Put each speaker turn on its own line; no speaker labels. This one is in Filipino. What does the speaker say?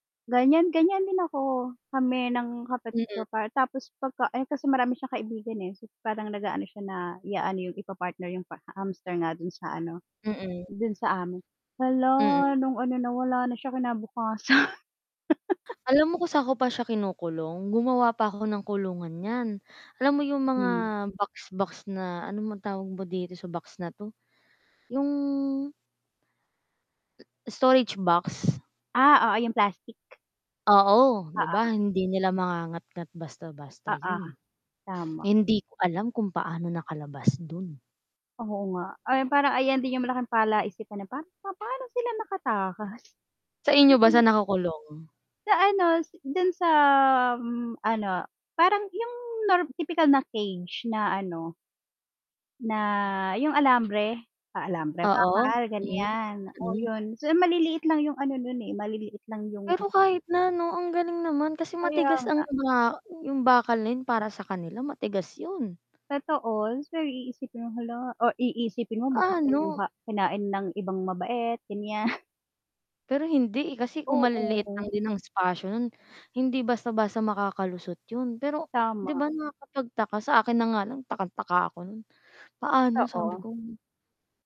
Ganiyan, ganiyan din ako. Kami ng kapatid
Mm.
ko pa, tapos pagka eh, kasi marami siyang kaibigan, eh. So, parang nag-aano siya na i-aano yung, ipa-partner yung pa hamster nga do'n sa ano,
Mm.
do'n sa am hala,
Mm.
nung ano nawala na siya kinabukasan.
Alam mo kung saan ko pa siya kinukulong? Gumawa pa ako ng kulungan niyan. Alam mo yung mga
Mm.
box box na ano ba tawag ba dito sa box na ‘to, yung Storage box.
Ah, oo yung plastic.
Oo,
Oo
‘di
nga.
ba hindi nila mangangatngat basta-basta
Oo,
'yon.
tama.
Hindi ko alam kung paano nakalabas do'n.
Oo nga. Ayon, parang ayan din yung malaking palaisipan na pan na paano sila nakatakas? Kasi
Sa inyo ba,
nung
saan nakakulong?
Sa ano, si do'n sa, um, ano, parang yung norm tipikal na cage na ano na yung alambre. Ah, alambre,
Oo.
bakal
Mm,
ganiyan. Oo,
mm.
'yon so maliliit lang yung ano 'non eh, maliliit lang yung
Pero kahit na 'no, ang galing naman kasi
Kaya
matigas
nga.
ang ba yung bakal na 'yon para sa kanila matigas 'yon.
Totoo, pero iisipin mo, hala, o iisipin mo baka
Paano?
kinuha kinain ng ibang mabait ganiyan
Pero hindi, eh, kasi kung maliliit
Oo.
lang din ng espasyo no'n, hindi basta-basta makakalusot 'yon. Pero ‘di
Tama.
ba nakakapagtaka, sa akin na nga lang takang-taka ako no'n. Paano, sabi
Totoo.
ko.